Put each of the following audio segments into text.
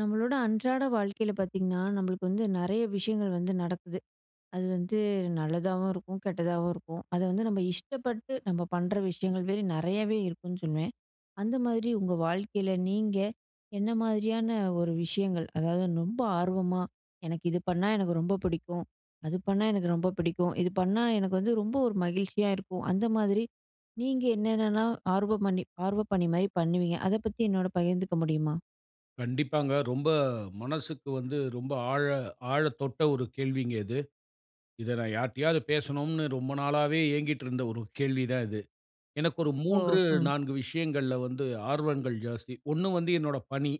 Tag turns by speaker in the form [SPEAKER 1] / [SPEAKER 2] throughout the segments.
[SPEAKER 1] நம்மளோட அன்றாட வாழ்க்கையில பார்த்தீங்கன்னா, நம்மளுக்கு வந்து நிறைய விஷயங்கள் வந்து நடக்குது. அது வந்து நல்லதாவும் இருக்கும். கெட்டதாவும் இருக்கும். அதை வந்து நம்ம இஷ்டப்பட்டு நம்ம பண்ணுற விஷயங்கள் வே நிறையாவே இருக்குன்னு சொல்லுவேன். அந்த மாதிரி உங்க வாழ்க்கையில நீங்க என்ன மாதிரியான ஒரு விஷயங்கள். அதாவது ரொம்ப ஆர்வமா, எனக்கு இது பண்ணா எனக்கு ரொம்ப பிடிக்கும். அது பண்ணா எனக்கு ரொம்ப பிடிக்கும். இது பண்ணா எனக்கு வந்து ரொம்ப ஒரு மகிழ்ச்சியா இருக்கும். அந்த மாதிரி, நீங்க என்னன்னனா ஆர்வமணி ஆர்வப்பணி மாதிரி பண்ணுவீங்க? அதை பத்தி என்னோடு பகிர்ந்துக்க முடியுமா?
[SPEAKER 2] கண்டிப்பாங்க. ரொம்ப மனசுக்கு வந்து ரொம்ப ஆழ ஆழத்தொட்ட ஒரு கேள்விங்க இது. இத நான் யார்கிட்டயாவது பேசணும்னு ரொம்ப நாளாவே ஏங்கிட்டிருந்த ஒரு கேள்விதான் இது. எனக்கு ஒரு
[SPEAKER 1] ஓ!
[SPEAKER 2] 3
[SPEAKER 1] ம்.
[SPEAKER 2] 4 விஷயங்கள்ல வந்து ஆர்வங்கள் ஜாஸ்தி 1 வந்து என்னோட பணி,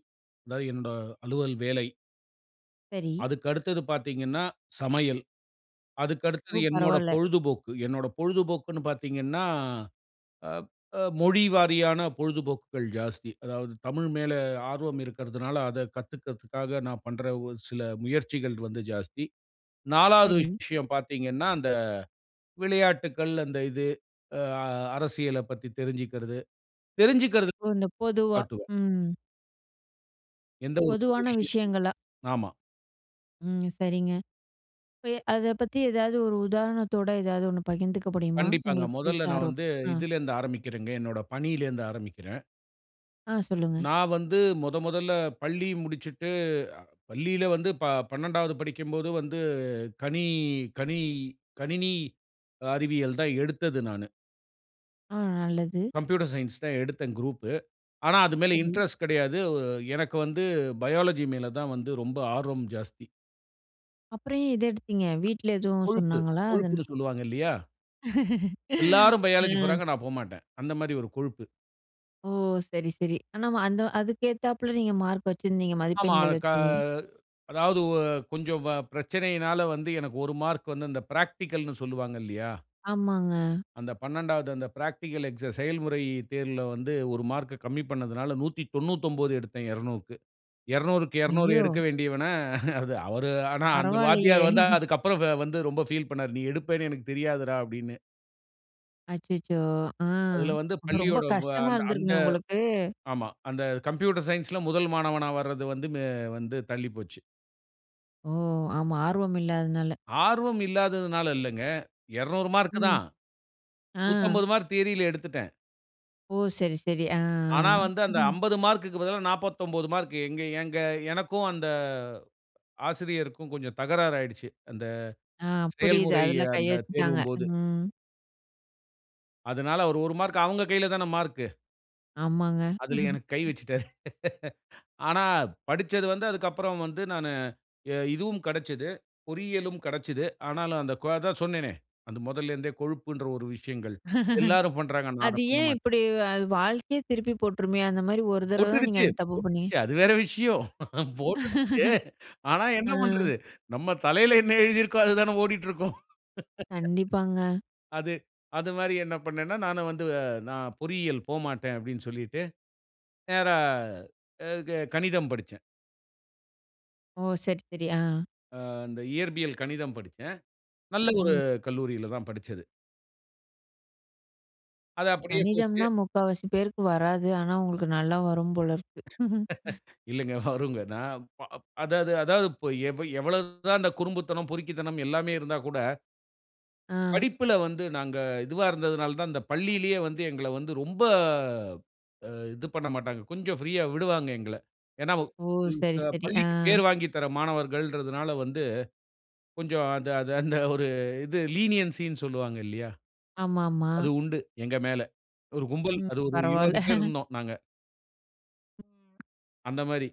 [SPEAKER 2] அதாவது என்னோட அலுவல் வேலை.
[SPEAKER 1] சரி.
[SPEAKER 2] அதுக்கு அடுத்தது பார்த்தீங்கன்னா, சமையல். அதுக்கு அடுத்தது
[SPEAKER 1] ஓ!
[SPEAKER 2] என்னோட
[SPEAKER 1] பரவால்ல.
[SPEAKER 2] பொழுதுபோக்கு. என்னோட பொழுதுபோக்குன்னு பார்த்தீங்கன்னா, அ அ மொழி வாரியான பொழுதுபோக்குகள் ஜாஸ்தி. அதாவது தமிழ் மேலே ஆர்வம் இருக்கிறதனால, அத கத்துக்கறதுக்காக நான் பண்ணுற ஒரு சில முயற்சிகள் வந்து ஜாஸ்தி. 4வது
[SPEAKER 1] சரி.
[SPEAKER 2] விஷயம் பார்த்தீங்கன்னா, அந்த விளையாட்டுக்கள், அந்த இது அ அரசியலைப் பத்தி தெரிஞ்சுக்கறது, தெரிஞ்சுகறது
[SPEAKER 1] ஓ, அந்த பொதுவா.
[SPEAKER 2] காட்டுவேன்.
[SPEAKER 1] ம்.
[SPEAKER 2] எந்த ஒரு புது
[SPEAKER 1] பொதுவான
[SPEAKER 2] விஷயத்தையும்,
[SPEAKER 1] விஷயங்களா
[SPEAKER 2] ஆமா.
[SPEAKER 1] ம் சரிங்க. இப்ப ய அத பத்தி ஏதாவது ஒரு உதாரணத்தோட, ஏதாவது ஒண்ணு பகிந்துக்க முடியுமா?
[SPEAKER 2] கண்டிப்பாங்க.
[SPEAKER 1] உங்களுக்கு பிடிச்ச
[SPEAKER 2] மொதல்ல நான்
[SPEAKER 1] ஆரோ
[SPEAKER 2] வந்து
[SPEAKER 1] ஆ.
[SPEAKER 2] இதிலேருந்து ஆரம்பிக்கிறேங்க. என்னோட பணியிலிருந்து ஆரம்பிக்கிறேன்.
[SPEAKER 1] ஆ சொல்லுங்க.
[SPEAKER 2] நான் வந்து மொத மொதல்ல பள்ளி முடிச்சுட்டு பள்ளியில வந்து ப 12வது படிக்கும்போது வந்து கனி கனி கணினி அறிவியல் தான் எடுத்தது நானு.
[SPEAKER 1] அ நல்லது.
[SPEAKER 2] கம்ப்யூட்டர் சயன்ஸ் தான் எடுத்தேன் குரூப்பு. ஆனா அது மேல
[SPEAKER 1] சரி.
[SPEAKER 2] இன்ட்ரெஸ்ட் கிடையாது. எனக்கு வந்து பயோலஜி மேல தான் வந்து ரொம்ப ஆர்வம் ஜாஸ்தி.
[SPEAKER 1] அப்புறம் ஏன் இத எடுத்தீங்க? வீட்டில எதுவும்
[SPEAKER 2] கொழுப்பு
[SPEAKER 1] சொன்னாங்களா? அது
[SPEAKER 2] கொழுப்புன்னு சொல்லுவாங்கல்லியா! எல்லோரும் பயோலஜி
[SPEAKER 1] அ.
[SPEAKER 2] போறாங்க. நான் போமாட்டேன். அந்த மாரி ஒரு கொழுப்பு.
[SPEAKER 1] ஓ! சரி சரி. ஆனா வ அந்த அதுக்கு ஏத்தாப்புல நீங்க மார்க் வச்சிருந்தீங்க
[SPEAKER 2] ஆமா.
[SPEAKER 1] மதிப்பெண்கள்
[SPEAKER 2] க
[SPEAKER 1] வச்சிருந்தீங்க.
[SPEAKER 2] அதாவது ஒ கொஞ்சம் பிரச்சனையினால வந்து, எனக்கு 1 மார்க் வந்து இந்த பிராக்டிகல்ன்னு சொல்லுவாங்க இல்லையா!
[SPEAKER 1] ஆமாங்க.
[SPEAKER 2] அந்த 12வது அந்த பிராக்டிகல் எக்ஸா செயல்முறை தேர்வில வந்து 1 மார்க்கு கம்மி பண்ணதுனால 199 எடுத்தேன் 200- க்கு. 200- க்கு 200
[SPEAKER 1] ஐயோ!
[SPEAKER 2] எடுக்க வேண்டியவன அது அவரு ஆனா, அந்த
[SPEAKER 1] பரவால்லையே
[SPEAKER 2] வாத்தியார் வந்து அதுக்கு அப்புறம் வந்து ரொம்ப ஃபீல் பண்ணாரு. "நீ எடுப்பன்னு எனக்கு தெரியாதுறா" அப்படின்னு.
[SPEAKER 1] அச்சச்சோ! ஆ.
[SPEAKER 2] அதுல வந்து
[SPEAKER 1] ரொம்ப
[SPEAKER 2] பள்ளியோட வ
[SPEAKER 1] கஷ்டமா
[SPEAKER 2] அந் அந்த
[SPEAKER 1] இருந்துருக்குமே உங்களுக்கு?
[SPEAKER 2] ஆமா அந்த கம்ப்யூட்டர் சயன்ஸ் ல 1 மாணவனா வரது வந்து வ வந்து தள்ளி போச்சு.
[SPEAKER 1] ஓஹ்! ஆமா, ஆர்வம் இல்லாதனால.
[SPEAKER 2] ஆர்வம் இல்லாததுனாலல்லங்க. 200 மார்க்
[SPEAKER 1] ம்.
[SPEAKER 2] தான்.
[SPEAKER 1] ஆ.
[SPEAKER 2] 150 மார்க் தியரில எடுத்துட்டேன்.
[SPEAKER 1] ஒஹ்! சரி, சரி ஆ.
[SPEAKER 2] ஆனா வந்து அந்த 50 மார்க்க்கு பதிலா 49 மார்க் எங்க ஏங்க எனக்கும் அந்த ஆசிரியருக்கும் கொஞ்சம் தகராறு ஆயிடுச்சு. அந்த
[SPEAKER 1] ஆ, புரியிது.
[SPEAKER 2] செயல்முறை
[SPEAKER 1] அதுல கைய
[SPEAKER 2] அந்த
[SPEAKER 1] வச்சுட்டாங்க.
[SPEAKER 2] தேர்வும் போது.
[SPEAKER 1] ம்.
[SPEAKER 2] அதனால அவரு 1 மார்க் அவங்க கைலதான மார்க்.
[SPEAKER 1] ஆமாங்க.
[SPEAKER 2] அதில எனக்கு கை வச்சுட்டாரு. ஆனா படிச்சது வந்து அதுக்கு அப்புறம் வந்து நானு இ இதுவும் கெடைச்சது. பொறியியலும் கெடைச்சது ஆனாலும் அந்த கு அதான் சொன்னேனே. அது முதல்ல இருந்தே கொழுப்புன்ற ஒரு விஷயங்கள், எல்லாரும் பண்றாங்க. நான் அத
[SPEAKER 1] அது ஏன்
[SPEAKER 2] பண்ணமாட்டேன்.
[SPEAKER 1] இப்டி அ வாழ்க்கையே திருப்பி போட்டுருமே! அந்த மாரி ஒரு தரவ தான் நீங்க
[SPEAKER 2] போட்டுக்குச்சு,
[SPEAKER 1] அத தப்பு பண்ணீ
[SPEAKER 2] போட்டுக்குச்சு. அது வேற விஷயம். போட்டுக்குச்சு. ஆனா என்ன
[SPEAKER 1] ஆ.
[SPEAKER 2] பண்றது? நம்ம தலையில என்ன எழுதி இருக்கோ, அது தானே ஓடிட்டு இருக்கும்.
[SPEAKER 1] கண்டிப்பாங்க.
[SPEAKER 2] அது அது மாரி என்ன பண்னேன்னா நானும் வந்து, "நான் பொறியியல் போமாட்டேன்" அப்டின் சொல்லிட்டு நேரா ஆ க கணிதம் படிச்சேன்.
[SPEAKER 1] ஓ! சரி, சரி ஆ.
[SPEAKER 2] ஆ. இந்த இயற்பியல் கணிதம் படிச்சேன். நல்ல ஒரு
[SPEAKER 1] ம்.
[SPEAKER 2] கல்லூரியில தான் படிச்சது. அது அப்படியே போச்சு.
[SPEAKER 1] கணிதம்னா முக்காவாசி பேருக்கு வராது. ஆனா உங்களுக்கு நல்லா வரும் போல இருக்கு!
[SPEAKER 2] இல்லைங்க. வருங்க. நான் ப் அ அதாவது அதாவது இப்ப எவ எவ்வளவு தான் இந்த குறும்புத்தனம், பொறுக்கித்தனம் எல்லாமே இருந்தா கூட
[SPEAKER 1] ஆ.
[SPEAKER 2] படிப்புல வந்து நாங்க இதுவா இருந்ததுனால தான், இந்த பள்ளியிலயே வந்து, எங்கள வந்து ரொம்ப அ இது பண்ணமாட்டாங்க. கொஞ்சம் ஃப்ரீயா விடுவாங்க எங்கள. ஏன்னா வு
[SPEAKER 1] ஓ! சரி,
[SPEAKER 2] இந்த
[SPEAKER 1] சரி. ஆ.
[SPEAKER 2] பள்ளிக்கு பேர் வாங்கித் தர மாணவர்கள்ன்றதனால வந்து, கொஞ்சம் அந்த அது அந்த ஒரு இது லீனியன்சின்னு சொல்லுவாங்க இல்லையா,
[SPEAKER 1] ஆமா, ஆமா.
[SPEAKER 2] அது உண்டு எங்க மேல. ஒரு கும்பல்
[SPEAKER 1] ம்.
[SPEAKER 2] அது ஒரு
[SPEAKER 1] பரவால்ல.
[SPEAKER 2] 20 பேர் இருந்தோம் நாங்க. அந்த மாரி,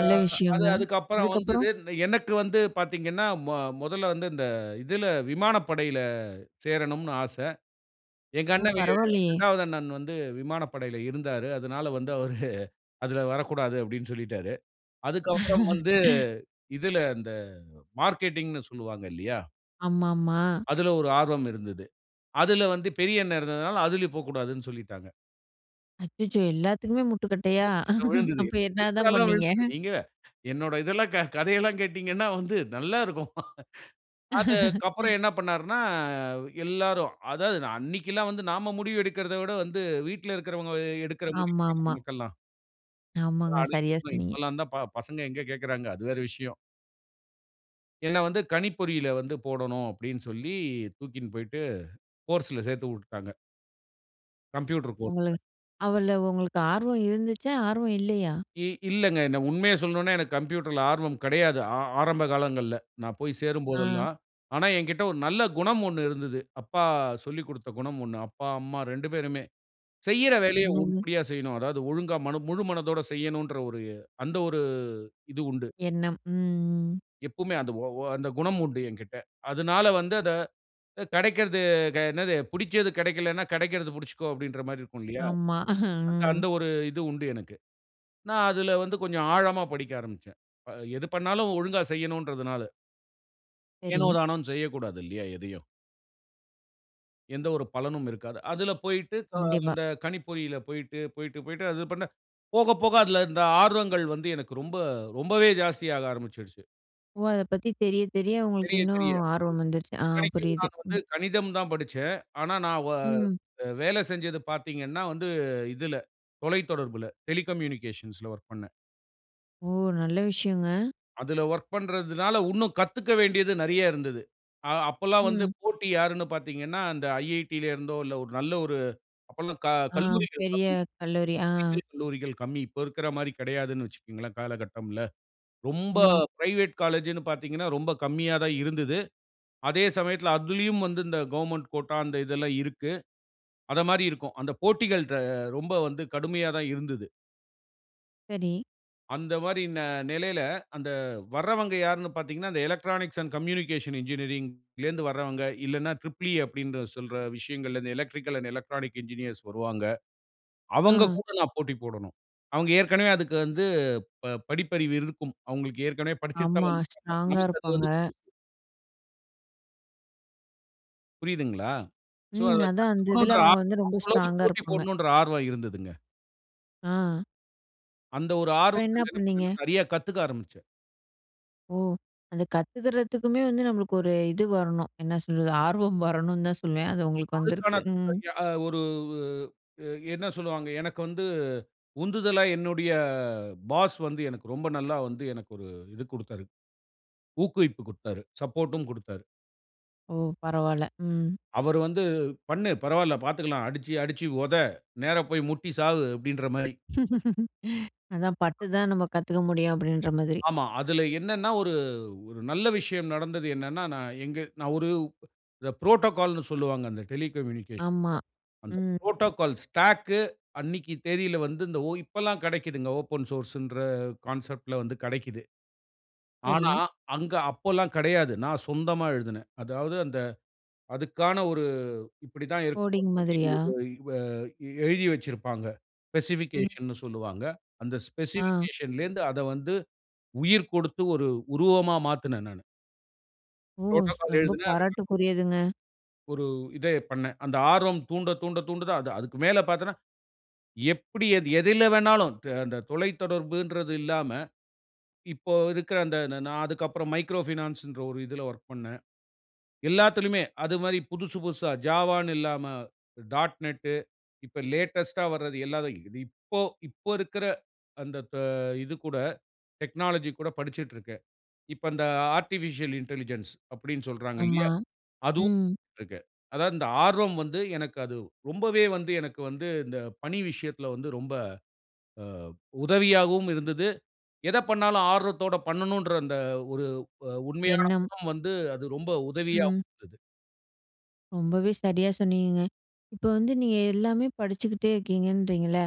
[SPEAKER 2] ஆ அது
[SPEAKER 1] விஷயங்க.
[SPEAKER 2] அதுக்கு அப்புறம்
[SPEAKER 1] அதுக்கப்புறம்?
[SPEAKER 2] வந்தது. எனக்கு வந்து பாத்தீங்கன்னா, மொ மொதல்ல வந்து இந்த இதில, விமானப்படையில சேரணும்னு ஆச! எங்க
[SPEAKER 1] ஓ!
[SPEAKER 2] அண்ணவே
[SPEAKER 1] பரவால்லயே!
[SPEAKER 2] 2வது அண்ணன் வந்து விமானப்படையில இருந்தாரு. அதனால வந்து அவரு "அதில வரக்கூடாது" அப்படின்னு சொல்லிட்டாரு. அதுக்கப்பறம் வந்து, இதில இந்த அ மார்க்கெட்டிங்ன்னு சொல்லுவாங்க இல்லையா.
[SPEAKER 1] ஆமாமா.
[SPEAKER 2] அதில ஒரு ஆர்வம் இருந்தது. அதுல வந்து பெரிய அண்ணன் இருந்ததுனால அதிலயும் போக்கூடாதுன்னு சொல்லிட்டாங்க.
[SPEAKER 1] அச்சச்சோ! எல்லாத்துக்குமே முட்டுக்கட்டையா?
[SPEAKER 2] முட்டுக்கட்ட விழுந்தது.
[SPEAKER 1] அப்போ
[SPEAKER 2] [unintelligible]
[SPEAKER 1] என்னதான்
[SPEAKER 2] எல்லாம்
[SPEAKER 1] பண்ணீங்க?
[SPEAKER 2] விழுந்தது. ஏங்க! என்னோட இதெல்லாம் க கதை எல்லாம் கேட்டீங்கன்னா, வந்து நல்லா இருக்கும். அதுக் கப்பறம் என்னா பண்ணாருன்னா, எல்லாரும் அதாவது நான் அன்னைக்குல்லாம் வந்து நாம முடிவு எடுக்கறத விட வந்து வீட்ல இருக்கிறவங்க எ எடுக்கிற முடிவு தானே,
[SPEAKER 1] ஆமாமா.
[SPEAKER 2] நமக்கெல்லாம்!
[SPEAKER 1] ஆமாங்க, சரியா
[SPEAKER 2] [unintelligible]
[SPEAKER 1] சொன்னீங்க.
[SPEAKER 2] இப்பெல்லாந்தான், ப பசங்க எங்க கேக்குறாங்க! அது வேற விஷயம். என்ன வந்து "கணிப்பொறியில வந்து போடணும்" அப்டின்னு சொல்லி தூக்கின் போய்ட்டு, கோர்ஸ்ல சேத்து உட்டுட்டாங்க. கம்ப்யூட்டர் கோர்ஸ்ல.
[SPEAKER 1] உங்களுக் அவ்வள உங்களுக்கு ஆர்வம் இருந்துச்சா? ஆர்வம் இல்லையா?
[SPEAKER 2] இ இல்லங்க. என்ன உண்மையை சொல்லணுன்னா எனக்கு கம்ப்யூட்டர்ல ஆர்வம் கெடையாது. ஆ ஆரம்ப காலங்கள்ல. நான் போய் சேரும்
[SPEAKER 1] ஆ.
[SPEAKER 2] போதெல்லாம். ஆனா எங்கிட்ட ஒரு நல்ல குணம் ஒண்ணு இருந்தது. அப்பா சொல்லிக்கொடுத்த குணம் ஒண்ணு. அப்பா, அம்மா 2 பேருமே, செய்யற வேலைய
[SPEAKER 1] என்னங்க?
[SPEAKER 2] உருப்படியா செய்யணும். அதாவது, ஒழுங்கா மன முழு மனதோட செய்யணுன்ற ஒரு அந்த ஒரு இது உண்டு.
[SPEAKER 1] எண்ணம், ம், ம்.
[SPEAKER 2] எப்போவுமே அந்த ஒ ஒ அந்த குணம் உண்டு எங்கிட்ட. அதுனால வந்து அத கெடைக்கறது க என்னது? புடிச்சது கெடைக்கலன்னா, கெடைக்கறது புடிச்சுக்கோ அப்டின்ற மாரி இருக்குன்லயா!
[SPEAKER 1] ஆமா.
[SPEAKER 2] அந்த
[SPEAKER 1] ம்.
[SPEAKER 2] அந்த ஒரு இது உண்டு எனக்கு. நான் அதுல வந்து கொஞ்சம் ஆழமா படிக்க ஆரம்பிச்சேன். அ எது பண்ணாலும், ஒழுங்கா செய்யணுன்றதனால. ஏனோ
[SPEAKER 1] சரி.
[SPEAKER 2] தானோன்னு செய்யக்கூடாதில்லியா எதையும். எந்த ஒரு பலனும் இருக்காது. அதில போய்ட்டு க
[SPEAKER 1] கண்டிப்பா.
[SPEAKER 2] அந்த கணிப்பொறியில போய்ட்டு, போய்ட்டு, போய்ட்டு அது பண்ண போக, போக அதில இந்த ஆர்வங்கள் வந்து எனக்கு ரொம்ப, ரொம்பவே ஜாஸ்தி ஆக ஆரம்பிச்சுருச்சு.
[SPEAKER 1] ஓ! அத பத்தி தெரிய தெரிய உங்களுக்கு
[SPEAKER 2] தெரிய,
[SPEAKER 1] இன்னும்
[SPEAKER 2] தெரிய.
[SPEAKER 1] ஆர்வம் வந்துருச்சு. ஆ
[SPEAKER 2] இத்தனைக்கும்
[SPEAKER 1] புரியுது.
[SPEAKER 2] நான் வந்து
[SPEAKER 1] ம்.
[SPEAKER 2] கணிதம் தான் படிச்சேன். ஆனா, நான் ஓ
[SPEAKER 1] ம்.
[SPEAKER 2] வேல செஞ்சது பார்த்தீங்கன்னா வந்து இதுல தொலைத்தொடர்புல டெலிகம்யூனிகேஷன்ஸ்ல வொர்க் பண்ணேன்.
[SPEAKER 1] ஓ! நல்ல விஷயங்க.
[SPEAKER 2] அதுல வொர்க் பண்றதுனால உன்னும் கத்துக்க வேண்டியது நெறைய இருந்தது. அ அப்போல்லாம் வந்து
[SPEAKER 1] ம்.
[SPEAKER 2] போட்டி யாருனு பார்த்தீங்கன்னா, அந்த "IIT" ல இருந்தோ இல்ல ஒரு நல்ல ஒரு, அப்போல்லாம் க
[SPEAKER 1] ஆ.
[SPEAKER 2] கல்லூரிகள் கம்மி.
[SPEAKER 1] பெரிய கல்லூரி, ஆ.
[SPEAKER 2] பொறியியல் கல்லூரிகள் கம்மி. இப்போ இருக்கிற மாதிரி கிடையாதுனு வச்சுக்கோங்களேன் காலகட்டம்ல. ரொம்ப
[SPEAKER 1] ம்.
[SPEAKER 2] பிரைவேட் காலேஜ்னு பார்த்தீங்கனா, ரொம்ப கம்மியா தான் இருந்துது. அதே சமயத்தில அதிலயும் வந்து இந்த கவர்ன்மென்ட் கோட்டா அந்த இதெல்லாம் இருக்கு. அத மாரி இருக்கும். அந்த போட்டிகள் ர ரொம்ப வந்து கடுமையா தான் இருந்துது.
[SPEAKER 1] சரி.
[SPEAKER 2] அந்த மாரி ந நிலையில, அந்த வர்றவங்க யாருனு பார்த்தீங்கன்னா, அந்த எலக்ட்ரானிக்ஸ் அண்ட் கம்யூனிகேஷன் என்ஜினியரிங்ல இருந்து வர்றவங்க இல்லனா ட்ரிப்பிள் இ அப்படினு சொல்ற விஷயங்கல் எலக்ட்ரிக்கல் அண்ட் எலக்ட்ரானிக் என்ஜினியர்ஸ் வருவாங்க. அவங்க
[SPEAKER 1] ஆ.
[SPEAKER 2] கூட நான் போட்டி போடணும். அவங்க ஏற்கனவே அதுக்கு வந்து ப படிப்பறிவு இருக்கும். அவங்களுக்கு ஏற்கனவே படிச்சுட்டு தான்
[SPEAKER 1] ஆமா,
[SPEAKER 2] வந்திருப்பாங்க.
[SPEAKER 1] ஸ்ட்ராங்கா
[SPEAKER 2] நமக்கு அது
[SPEAKER 1] இருப்பாங்க.
[SPEAKER 2] வந்து புதுசு. புரியிதுங்களா? ஸோ,
[SPEAKER 1] ம்.
[SPEAKER 2] அத
[SPEAKER 1] அதான் அந்த இதில
[SPEAKER 2] கத்துக்கணுன்ற
[SPEAKER 1] அவுங்க வந்து
[SPEAKER 2] ஆர்வம்
[SPEAKER 1] ரொம்ப
[SPEAKER 2] அவுங்களோடு
[SPEAKER 1] ஸ்ட்ராங்கா
[SPEAKER 2] போட்டி
[SPEAKER 1] இருப்பாங்க.
[SPEAKER 2] போடணுன்ற ஆர்வம் இருந்ததுங்க.
[SPEAKER 1] ஆ.
[SPEAKER 2] அந்த ஒரு
[SPEAKER 1] அப்புறம் என்ன
[SPEAKER 2] ஆர்வத்த என்ன
[SPEAKER 1] பண்ணீங்க?
[SPEAKER 2] பன்னென்னா நிறைய கத்துக்க ஆரம்பிச்சேன்.
[SPEAKER 1] ஓ! அத கத்து தர்றதுக்குமே வந்து நம்மளுக்கு ஒரு இது வரணும். என்ன சொல்றது ஆர்வம் வரணுன் தான் சொல்லுவேன். அது உங்களுக்கு
[SPEAKER 2] அதுக்கான
[SPEAKER 1] வந்திருக்கு. ம்.
[SPEAKER 2] த் யா ஒரு வு அ என்ன சொல்வாங்க, எனக்கு வந்து உந்துதலா என்னுடைய பாஸ் வந்து எனக்கு ரொம்ப நல்லா வந்து எனக்கு ஒரு இது கொடுத்தாரு. ஊக்குவிப்பு குடுத்தாரு. சப்போர்ட்டும் குடுத்தாரு.
[SPEAKER 1] ஓ! பரவால்ல. ம்.
[SPEAKER 2] அவரு வந்து, "பண்ணு, பரவால்ல பார்த்துகலாம். அடிச்சு, அடிச்சு உத! நேரா போய் முட்டி சாவு" அப்பிடின்றமாரி.
[SPEAKER 1] அதான் பட்டு தான் நம்ம கத்துக்க முடியும் அப்பிடின்ற மாதிரி.
[SPEAKER 2] ஆமா. அதில என்னனன்னா, ஒரு ஒரு நல்ல விஷயம் நடந்தது என்னன்னா, நான் எங்க நான் ஒரு இந்த புரோட்டோகால்ன்னு சொல்லுவாங்க. அந்த டெலிகம்யூனிகேஷன்ல.
[SPEAKER 1] ஆமா.
[SPEAKER 2] அந்த
[SPEAKER 1] ம்.
[SPEAKER 2] புரோட்டோகால் ஸ்டாக்கு அன்னக்கி தேதியில வந்து ஓ இப்பல்லாம் கிடைக்கிதுங்க, ஓப்பன் சோர்ஸ்சுன்ற கான்செப்ட்ல வந்து கிடைக்கிது. ஆனா,
[SPEAKER 1] சரி.
[SPEAKER 2] அங்கு அப்போல்லாம் கிடையாது. நான் சொந்தமா எழுதினேன். அதாவது அந்த அதுக்கான ஒரு இப்படி தான் இருக்க
[SPEAKER 1] கோடிங் மாதிரியா?
[SPEAKER 2] [unintelligible] இவ எழுதி வச்சிருப்பாங்க.
[SPEAKER 1] ம்.
[SPEAKER 2] ஸ்பெசிபிகேஷன்னு சொல்லுவாங்க. அந்த
[SPEAKER 1] ஆ.
[SPEAKER 2] ஸ்பெசிபிகேஷன்லேந்து அத வந்து உயிர் கொடுத்து ஒரு உருவமா மாத்துனேன் நானு.
[SPEAKER 1] ஓ!
[SPEAKER 2] "Protocol"
[SPEAKER 1] ரொம்ப
[SPEAKER 2] எழுதுனேன். [unintelligible]
[SPEAKER 1] பாராட்டுக்குரியதுங்க.
[SPEAKER 2] ஒரு இத பண்னேன். அந்த ஆர்வம் தூண்ட, தூண்ட, தூண்ட தான். அது அதுக்கு மேல பார்த்தீங்கன்னா. எப்டி அது எதுல வேணாலும் அ அந்த தொலைத்தொடர்புன்றது இல்லாம. இப்போ இருக்க அந்த நா நான் அதுக்கு அப்புறம் "Micro Finance" ன்ற ஒரு இதுல வொர்க் பண்ணேன். எல்லாத்திலுமே அது மாரி புதுசு புதுசா "Java" ன்னு இல்லாம, ".NET". இப்ப லேட்டஸ்ட்டா வர்றது இல்லாத. இது இப்போ, இப்போ இருக்குற அந்த அ இது கூட டெக்னாலஜி கூட படிச்சிட்ருக்கேன். இப்ப இந்த ஆர்டிபிஷியல் இன்டெலிஜென்ஸ் அப்டின்னு சொல்றாங்க
[SPEAKER 1] ஆமா.
[SPEAKER 2] இல்லையா. அதுவும்
[SPEAKER 1] ம்
[SPEAKER 2] இருக்கு. அதாவது இந்த ஆர்வம் வந்து எனக்கு அது ரொம்பவே வந்து எனக்கு வந்து இந்த பணி விஷயத்துல வந்து ரொம்ப, அ உதவியாவும் இருந்துது. எத பண்ணாலும் ஆர்வத்தோட பண்ணனுன்ற அந்த ஒரு அ உண்மையான
[SPEAKER 1] எண்ணம்.
[SPEAKER 2] குணம் வந்து அது ரொம்ப உதவியாவும்
[SPEAKER 1] ம்.
[SPEAKER 2] இருந்துது.
[SPEAKER 1] ரொம்பவே சரியா சொன்னீங்கங்க. இப்ப வந்து நீங்க எல்லாமே படிச்சுக்கிட்டே இருக்கீங்கன்றிங்கல்ல.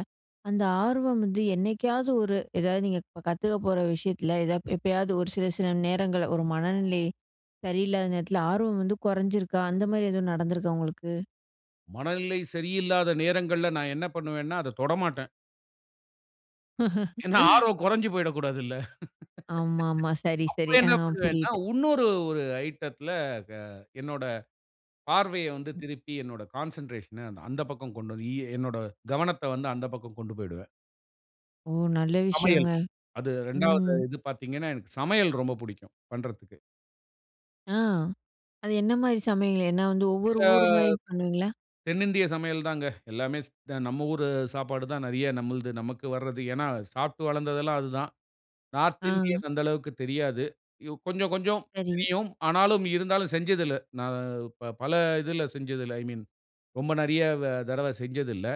[SPEAKER 1] அந்த ஆர்வம் வந்து என்னைக்காவது ஒரு, ஏதாவது நீங்க கத்துக்க போற விஷயத்துல, ஏதாது எப்பயாவது ஒரு சில சில நேரங்கள்ல ஒரு மனநிலை சரியில்லாத நேரத்துல ஆர்வம் வந்து குறைஞ்சிருக்கா? அந்த மாரி எதுவும் நடந்துருக்கா உங்களுக்கு?
[SPEAKER 2] மனநிலை சரியில்லாத நேரங்கள்ல நான் என்ன பண்ணுவேன்னா, அத தொடமாட்டேன். ஏன்னா, ஆர்வம் குறைந்து போய்டக்கூடாதுல்ல.
[SPEAKER 1] ஆமா, ஆமா. சரி, சரி.
[SPEAKER 2] அப்ப
[SPEAKER 1] ஆ.
[SPEAKER 2] என்ன பண்ணுவேன்னா,
[SPEAKER 1] புரியுது.
[SPEAKER 2] இன்னொரு ஒரு ஐட்டத்துல க என்னோட பார்வையை வந்து திருப்பி என்னோட கான்சென்ட்ரேஷன்ன அந்த பக்கம் கொண்டு வந்து, எ என்னோட கவனத்தை வந்து அந்த பக்கம் கொண்டு போய்டுவேன்.
[SPEAKER 1] ஓ! நல்ல விஷயங்க.
[SPEAKER 2] சமையல். அது
[SPEAKER 1] ம்.
[SPEAKER 2] 2வது இது பார்த்தீங்கன்னா, எனக்கு சமையல் ரொம்ப பிடிக்கும் பண்ணுறதுக்கு.
[SPEAKER 1] ஆ. அது என்ன மாதிரி சமையல். என்ன வந்து ஒவ்வொரு
[SPEAKER 2] ஆ
[SPEAKER 1] ஊர் மாதிரி பண்ணுவீங்களா?
[SPEAKER 2] தென்னிந்திய சமையல் தாங்க. எல்லாமே ஸ் த நம்ம ஊர் சாப்பாடு தான். நிறைய நம்மளது நமக்கு வருது. ஏன்னா, சாப்பிட்டு வளர்ந்தது எல்லாம் அது தான். நார்த்
[SPEAKER 1] ஆ.
[SPEAKER 2] இந்தியன் அந்த அளவுக்கு தெரியாது. யு கொஞ்சம் கொஞ்சம்
[SPEAKER 1] சரி.
[SPEAKER 2] தெரியும். ஆனாலும் இருந்தாலும் செஞ்சது இல்ல. நான் ப பல இதில செஞ்சது இல்ல. ஐ மீன் ரொம்ப நிறைய வ தடவ செஞ்சதில்ல.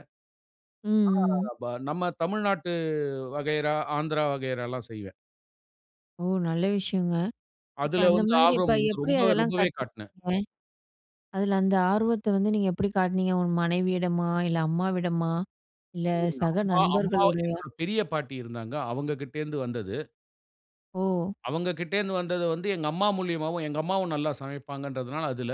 [SPEAKER 1] ம், ம்,
[SPEAKER 2] [unintelligible]
[SPEAKER 1] ம்.
[SPEAKER 2] ஆனா நம்ம தமிழ்நாட்டு வகையறா, ஆந்திரா வகையறலாம் செய்வேன்.
[SPEAKER 1] ஓ! நல்ல விஷயங்க, இப்போ
[SPEAKER 2] அதில
[SPEAKER 1] அந்த
[SPEAKER 2] வந்து
[SPEAKER 1] மாதிரி இப்ப
[SPEAKER 2] ஆர்வம் வந்து
[SPEAKER 1] எப்படி
[SPEAKER 2] ரொம்ப
[SPEAKER 1] அதெல்லாம்
[SPEAKER 2] ரொம்பவே காட்னேன்.
[SPEAKER 1] கத்துக்கறீங்க? அதில அந்த ஆர்வத்தை வந்து நீங்க எப்படி காட்டுனீங்க, உங்க மனைவியிடமா? இல்ல அம்மாவிடமா, இல்ல
[SPEAKER 2] [unintelligible]
[SPEAKER 1] சக
[SPEAKER 2] அம்மா, அம்மா
[SPEAKER 1] நண்பர்களோடயா?
[SPEAKER 2] என்னோட பெரிய பாட்டி இருந்தாங்க. அவங்க கிட்ட இருந்து வந்தது.
[SPEAKER 1] ஓ!
[SPEAKER 2] அவங்கக்கிட்ட இருந்து வந்தது வந்து எங்க அம்மா மூலியமாவும், எங்க அம்மாவும் நல்லா சமைப்பாங்கன்றதுனால அதில.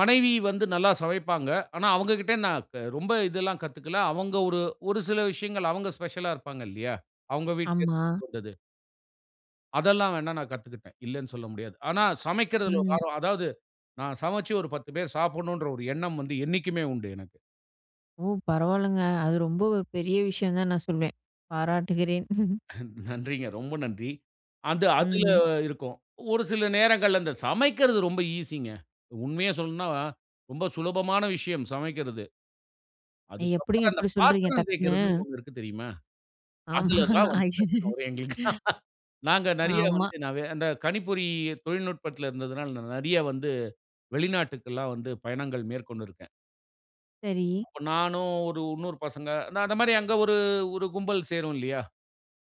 [SPEAKER 2] மனைவி வந்து நல்லா சமைப்பாங்க. ஆனா அவங்கக்கிட்ட நான் க ரொம்ப இதெல்லாம் கத்துக்கல. அவங்க ஒரு ஒரு சில விஷயங்கள் அவங்க ஸ்பெஷலா இருப்பாங்க இல்லையா? அவங்க வீட்டுல
[SPEAKER 1] ஆமா.
[SPEAKER 2] இருந்து வந்தது. அதெல்லாம் வேணா நான் கத்துக்குட்டேன். இல்லன்னு சொல்ல முடியாது. ஆனா சமைக்கறதுல ஒரு
[SPEAKER 1] ம்.
[SPEAKER 2] ஆர்வம். அதாவது நான் சமைச்சு ஒரு 10 பேர் சாப்புட்ணும்ன்ற ஒரு எண்ணம் வந்து என்னைக்குமே உண்டு எனக்கு.
[SPEAKER 1] ஓ! பரவாலங்க. அது ரொம்ப ஒரு பெரிய விஷயம் தான் நான் சொல்வேன். பாராட்டுகிறேன்.
[SPEAKER 2] நன்றிங்க ரொம்ப நன்றி. அது அதுல
[SPEAKER 1] ம்.
[SPEAKER 2] இருக்கும். ஒரு சில நேரங்கள்ல அந்த சமைக்கிறது ரொம்ப ஈசிங்க. உண்மையா சொல்லனுனா ரொம்ப சுலபமான விஷயம் சமைக்கிறது. அதுக்கு அப்புறம்
[SPEAKER 1] எப்படிங்க
[SPEAKER 2] அந்த
[SPEAKER 1] இப்படி சொல்கிறீங்க
[SPEAKER 2] பாத்திரம்
[SPEAKER 1] டக்குனு?
[SPEAKER 2] தேய்க்கிறதுன்னு ஒண்ணு இருக்கு தெரியுமா?
[SPEAKER 1] ஆமா.
[SPEAKER 2] அதுல தான் வந்து பிரச்சனை வரும் எங்களுக்கு.
[SPEAKER 1] [unintelligible]
[SPEAKER 2] நாங்க நெறைய
[SPEAKER 1] ஆமா.
[SPEAKER 2] வந்து நா வே அந்த கணிப்பொறி தொழில்நுட்பத்துல இருந்ததனால நான் நெறைய வந்து வெளிநாட்டுக்குல்லாம் வந்து பயணங்கள் மேற்கொண்டிருக்கேன்.
[SPEAKER 1] சரி.
[SPEAKER 2] அப்ப நானும் ஒரு இன்னொரு பசங்க அந்த அந்த மாரி அங்க ஒரு ஒரு கும்பல் சேரும் இல்லையா?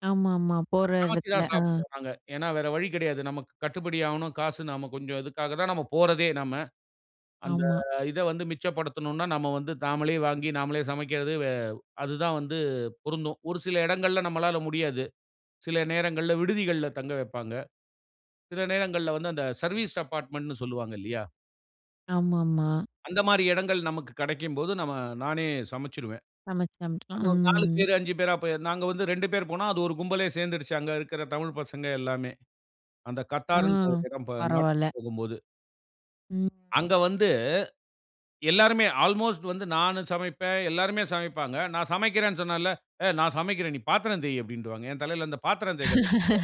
[SPEAKER 1] ஆமாமா. போற
[SPEAKER 2] சமைச்சு
[SPEAKER 1] இடத்துல.
[SPEAKER 2] தான்
[SPEAKER 1] ஆ.
[SPEAKER 2] சாப்பிடுவோம் நாங்க. ஏனா வேற வழி கடையாது. நமக்கு கட்டுபடி ஆவணும். காசு நம்ம கொஞ்சம் இதுக்காக தான் நம்ம போறதே நம்ம. அந்த
[SPEAKER 1] ஆமா.
[SPEAKER 2] இத வந்து மிச்சப்படுத்தணுன்னா நம்ம வந்து நாமளே வாங்கி நாமளே சமைக்கிறது வே அது தான் வந்து பொருந்தும். ஒரு சில இடங்கள்ல நம்மளால முடியாது. சில நேரங்கள்ல விடுதிகள்ல தங்க வப்பாங்க. சில நேரங்கள்ல வந்து அந்த சர்வீஸ் அப்பாட்மட்டுன்னு சொல்வாங்க இல்லையா?
[SPEAKER 1] ஆமாமா.
[SPEAKER 2] அந்த மாரி இடங்கள் நமக்கு கிடைக்கும்போது, நம்ம, நானே சமைச்சிருவேன்.
[SPEAKER 1] சமைச்சு
[SPEAKER 2] அது
[SPEAKER 1] சமைச்சுக்கலாம்.
[SPEAKER 2] ஒரு 4
[SPEAKER 1] ம்.
[SPEAKER 2] பேர் 5 பேரா போயிருந்தோம். நாங்க வந்து 2 பேரு போனோம். அது ஒரு கும்பலே சேர்ந்துருச்சு. அங்க இருக்குற தமிழ் பசங்க எல்லாமே. அந்த
[SPEAKER 1] ஆ.
[SPEAKER 2] "Qatar" ங்கிற ஒரு இடம் ப நாட்டுக்கு
[SPEAKER 1] பரவால்ல.
[SPEAKER 2] போகும்போது.
[SPEAKER 1] ம்.
[SPEAKER 2] அங்க வந்து எல்லாருமே, அல்மோஸ்ட் வந்து நானும் சமைப்பேன். எல்லோருமே சமைப்பாங்க. நான் சமைக்கிறேன்னு சொன்னாலே, "ஏய்! நான் சமைக்கிறேன். நீ பாத்திரம் தேயி" அப்பிடீன்ருவாங்க. என் தலைல அந்த பாத்திரம் தேய்க்கிறது விழுந்துரும்.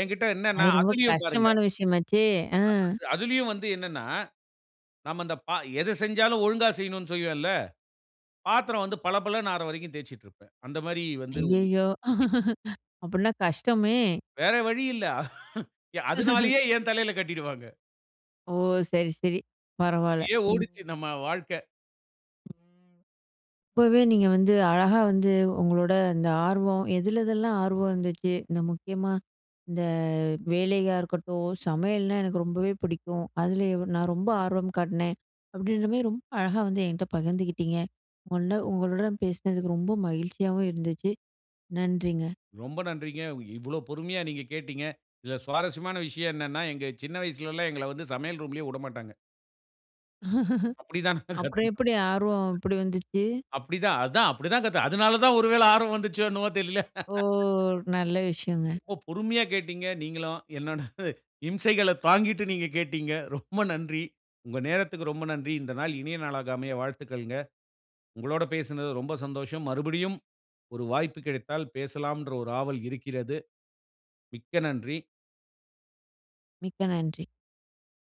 [SPEAKER 2] எங்கிட்ட என்னன்ன,
[SPEAKER 1] அது ரொம்ப
[SPEAKER 2] அதிலயும் பாருங்க
[SPEAKER 1] கஷ்டமான விஷயமாச்சே! ஆ.
[SPEAKER 2] ஆமா. அதிலயும் வந்து என்னன்னா, நம்ம அந்த பா எதை செஞ்சாலும், ஒழுங்கா செய்யணும்ன்னு செய்வேன்ல, பாத்திரம் வந்து பளபளன்னு ஆகுற வரைக்கும் தேய்ச்சுக்கிட்டிருப்பேன். அந்த மாதிரி வந்து ஓரு
[SPEAKER 1] ஐயயோ!
[SPEAKER 2] புத்தி.
[SPEAKER 1] அப்பிடீன்னா கஷ்டமே!
[SPEAKER 2] வேற வழி இல்ல. அதுனாலயே என் தலைல கட்டிடுவாங்க.
[SPEAKER 1] ஓ! சரி, சரி. பரவாயில்ல.
[SPEAKER 2] அப்பிடியே
[SPEAKER 1] ம்.
[SPEAKER 2] ஓடுச்சு, நம்ம வாழ்க்கை.
[SPEAKER 1] இப்பவே நீங்க வந்து, அழகா வந்து, உங்களோட இந்த ஆர்வம் எதிலெதில்லாம் ஆர்வம் இருந்துச்சு. இந்த முக்கியமா, இந்த வேலையா இருக்கட்டும். "சமையல்ன்னா எனக்கு ரொம்பவே பிடிக்கும். அதுலயும் நான் ரொம்ப ஆர்வம் காட்டினேன்" அப்பிடீன்ற மாரி ரொம்ப அழகா வந்து என்கிட்ட பகிர்ந்துக்கிட்டீங்க. உங்கள்ட உங்களுடன் பேசுனதுக்கு ரொம்ப மகிழ்ச்சியாவும் இருந்துச்சு. நன்றிங்க.
[SPEAKER 2] ரொம்ப நன்றிங்க. இவ்வளவு பொறுமையா நீங்க கேட்டீங்க. இதுல சுவாரஸ்யமான விஷயம் என்னன்னா, எங்க சின்ன வயசுலலாம், எங்கள வந்து சமையல் ரூம்லயே விடமாட்டாங்க. அப்பிடி தான் நாங்க
[SPEAKER 1] அப்புறம்
[SPEAKER 2] கத்துக்கிட்டோம்.
[SPEAKER 1] எப்பிடி, ஆர்வம் எப்பிடி வந்துச்சு?
[SPEAKER 2] அப்பிடிதான். அதான் அப்படிதான் கத்து அதனால தான் ஒரு வேலை ஆர்வம் வந்துச்சோ? என்னவோ தெரியல.
[SPEAKER 1] ஓ! நல்ல விஷயங்க.
[SPEAKER 2] ரொம்ப பொறுமையா கேட்டீங்க, நீங்களும். என்னோட இம்சைகள தாங்கிட்டு நீங்க கேட்டீங்க. ரொம்ப நன்றி. உங்கள் நேரத்துக்கு ரொம்ப நன்றி. இந்த நாள் இனிய நாளாக அமைய வாழ்த்துக்கள்ங்க. உங்களோட பேசுனதுல ரொம்ப சந்தோஷம். மறுபடியும் ஒரு வாய்ப்பு கிடைத்தால் பேசலாம்ன்ற ஒரு ஆவல் இருக்கிறது. மிக்க நன்றி!
[SPEAKER 1] மிக்க நன்றி.